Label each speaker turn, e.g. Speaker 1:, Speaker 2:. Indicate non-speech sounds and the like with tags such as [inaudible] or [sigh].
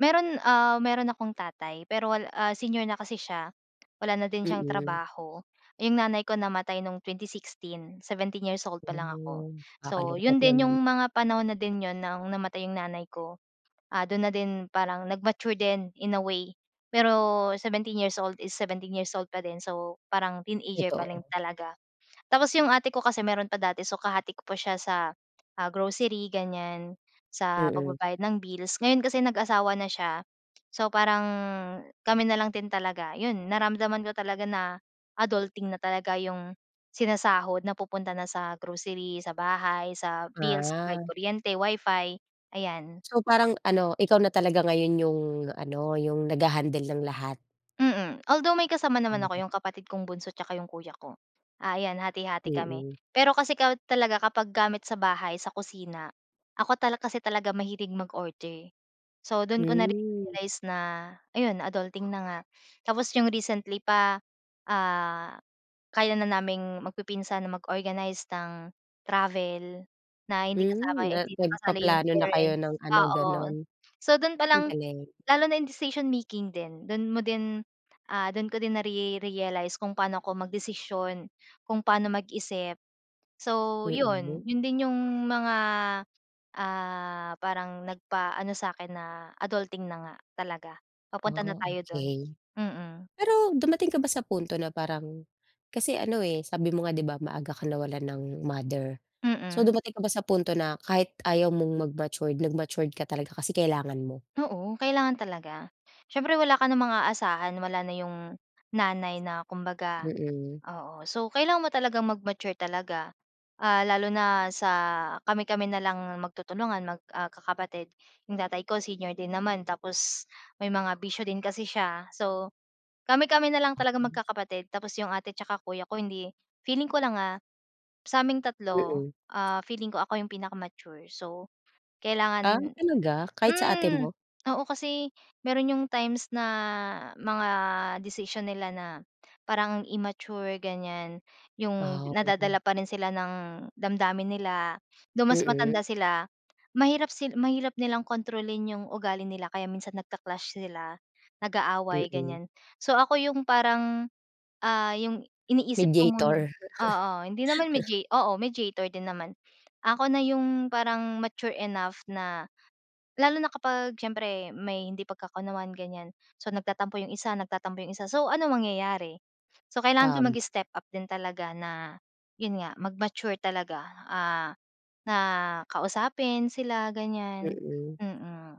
Speaker 1: Meron, ah, meron akong tatay pero wal ah, senior na kasi siya. Wala na din siyang
Speaker 2: Mm.
Speaker 1: trabaho, yung nanay ko namatay nung 2016, 17 years old palang ako.
Speaker 2: Oh,
Speaker 1: So,
Speaker 2: kakalungkot
Speaker 1: yun din
Speaker 2: naman.
Speaker 1: yung mga panahon na din yun ng namatay yung nanay ko, ah, dun na din parang nag-mature din, in a way, pero 17 years old is 17 years old pa din. So, parang teenager pa rin
Speaker 2: Totoo.
Speaker 1: talaga. Tapos yung ate ko kasi meron pa dati, so, kahati ko pa siya sa, ah, grocery, ganiyan, sa
Speaker 2: Mm.
Speaker 1: pagbabayad ng bills, ngayon kasi nag-asawa na siya. So, parang kami nalang din talaga, yun naramdaman ko talaga na adulting na talaga, yung sinasahod napupunta na sa grocery, sa bahay, sa bills,
Speaker 2: Ah.
Speaker 1: kuryente, WiFi, ayan.
Speaker 2: So, parang ano, ikaw na talaga ngayon yung ano, yung nagha-handle ng lahat.
Speaker 1: Mm, although may kasama naman ako,
Speaker 2: Mhm.
Speaker 1: yung kapatid kong bunso tsaka yung kuya ko, ah, ayan, hati-hati kami.
Speaker 2: Mm.
Speaker 1: Pero kasi kahit talaga kapag gamit sa bahay, sa kusina, ako tal kasi talaga mahilig mag-order. So, dun ko
Speaker 2: Hmm.
Speaker 1: na-realize na, ayun, adulting na nga. Tapos yung recently pa, ah, kaya na naming magpipinsan na mag-organized ng travel na hindi kasama,
Speaker 2: Hmm, na
Speaker 1: hindi na kasali yung
Speaker 2: nagpaplano na kayo
Speaker 1: parents,
Speaker 2: ng ano,
Speaker 1: oo.
Speaker 2: gano'n.
Speaker 1: So, dun
Speaker 2: Ang
Speaker 1: palang
Speaker 2: galing.
Speaker 1: lalo na yung decision making din, dun mo din, ah, dun ko din nare-realize kung paano ako magdesisyon, kung paano mag-isip. So,
Speaker 2: Mm.
Speaker 1: yun, yun din yung mga, ah, parang nagpaano sa'kin na adulting na nga talaga,
Speaker 2: Ah,
Speaker 1: papunta na tayo dun,
Speaker 2: okey.
Speaker 1: mm.
Speaker 2: Pero dumating ka ba sa punto na parang kasi ano eh, sabi mo nga 'di ba, maaga ka nawalan ng mother. So,
Speaker 1: Mm.
Speaker 2: dumating ka ba sa punto na kahit ayaw mong mag-matured, nag-matured ka talaga kasi kailangan mo?
Speaker 1: Oo, kailangan talaga siyempre wala ka namang aasahan, wala na yung nanay na kumbaga,
Speaker 2: Mm.
Speaker 1: oo. So, kailangan mo talagang mag-mature talaga, ah, lalo na sa kami-kami nalang magtutulungan, magkakapatid, yung tatay ko senior din naman. Tapos may mga bisyo din kasi siya. So, kami-kami nalang talagang
Speaker 2: Oo.
Speaker 1: magkakapatid. Tapos yung ate tsaka kuya ko, hindi feeling ko lang ah, sa aming 3
Speaker 2: Mm.
Speaker 1: ah, feeling ko ako yung pinaka-mature, so,
Speaker 2: Ah,
Speaker 1: kailangan
Speaker 2: talaga kahit sa ate
Speaker 1: hmm,
Speaker 2: mo?
Speaker 1: oo, kasi meron yung times na mga desisyon nila na parang immature, ganiyan. Yung
Speaker 2: Ah.
Speaker 1: nadadala pa rin sila ng damdamin nila. Though mas
Speaker 2: Mm.
Speaker 1: matanda sila, mahirap sila mahirap sil nilang kontrolin yung ugali nila kaya minsan nagka-clash sila, nag-aaway,
Speaker 2: Mm.
Speaker 1: ganiyan. So, ako yung parang, ah, yung iniisip ko muna,
Speaker 2: Mediator.
Speaker 1: oo. Hindi naman,
Speaker 2: [laughs]
Speaker 1: media oo, mediator din naman. Ako na yung parang mature enough na lalo na kapag siyempre may hindi pagkakaunawaan, ganiyan. So, nagtatampo yung isa nagtatampo yung isa. So, anong mangyayari. So, kailangan ko
Speaker 2: Tama.
Speaker 1: mag-step up din talaga na yun nga mag-mature talaga, ah, na kausapin sila ganiyan,
Speaker 2: Mm.
Speaker 1: mm.